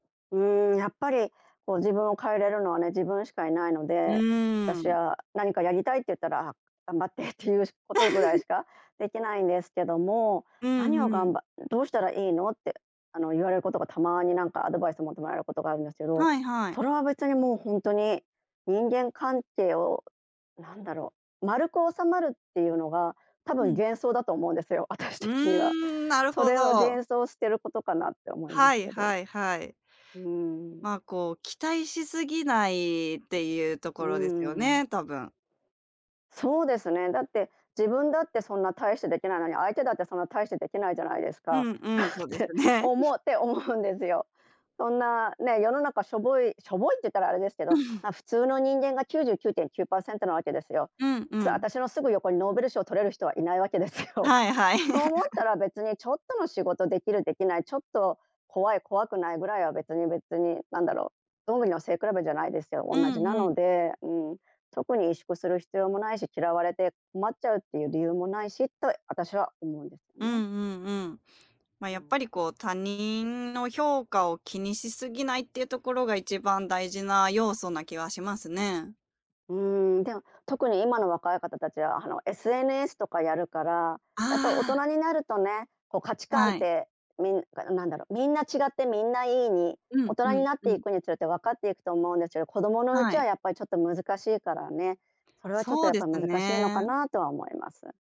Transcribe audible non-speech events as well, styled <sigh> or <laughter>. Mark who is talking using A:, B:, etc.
A: うーん、やっぱりこう自分を変えれるのはね、自分しかいないの
B: う
A: で、
B: ー
A: 私
B: ん。
A: は何かやりたいって言ったら、ああ、頑張ってっていうことぐらい
B: <chuckles>
A: しかできないんですけども、
B: うん
A: 「何
B: う
A: をがん
B: ん。
A: ばっどうしたらいいの」って、あの、言われることがたまになんか、アドバイスを求められることがあるんですけど、
B: はいはい。
A: それは別にもうほんとに人間関係を、なんだろう、丸く収まるっていうのが多
B: う
A: 分
B: ん。
A: 幻想だと思うんですよ、私
B: う
A: 的には。
B: ーん、なる
A: そ
B: ほ
A: れを
B: ど。
A: 幻想を捨てることかなって思いま
B: は
A: す
B: い
A: けど。
B: はいはい。
A: うんうん。
B: まあ、こう期待しすぎないっていうと
A: う
B: こ
A: んう
B: ろですよ
A: んうん。
B: ね、多分。
A: そうですね、だって自分だってそんな大してできないのに、相手だってそんな大してできないじゃないです
B: う
A: か
B: んうん、そ
A: <chuckles> っ
B: うです
A: て
B: ね。
A: 思
B: <chuckles>
A: って思うんですよ。そんなね、世の中しょぼいしょぼいって言ったらあれですけど、
B: <chuckles>
A: ま、普通の人間が99.9%なわけですよ。
B: うんう
A: す
B: ん。
A: 私のすぐ横にノーベル賞を取れる人は。いないわけですよ。
B: はいはい。
A: そう思った
B: <laughs>
A: ら別にちょっとの仕事できるできない、ちょっと怖い、怖くないぐらいは別に別に、なんだろ、どんぐりの背比べじゃないですよ、
B: う
A: 同じ
B: ん
A: な
B: うん。
A: ので、うん、特に萎縮する必要もないし、嫌われて困っちゃうっていう理由もないしって私は思うんですよ
B: うんう
A: ね。
B: んうん。まあ、
A: う
B: やっぱ
A: ん。
B: りこう、他人の評価を気にしすぎないっていうところが、1番大事な要素な気はしますね。
A: うん。でも特に今の若い方達はあの、SNS とかやるから、
B: あ
A: やっぱ大
B: あああああ。
A: 人になるとね、こう価値観っ
B: はい。
A: て、みんんなんだろ、みんな違ってみんないいに、
B: う
A: 大
B: ん、う
A: 人に
B: ん、
A: なっ
B: う
A: てい
B: ん。
A: くにつれてわかっていくと思うんですけど、子供のう
B: は
A: ちは
B: い。
A: やっぱりちょっと難しいからね。それはちょっ
B: そ
A: と
B: うです
A: 難しいのか
B: ね。
A: なとは思います。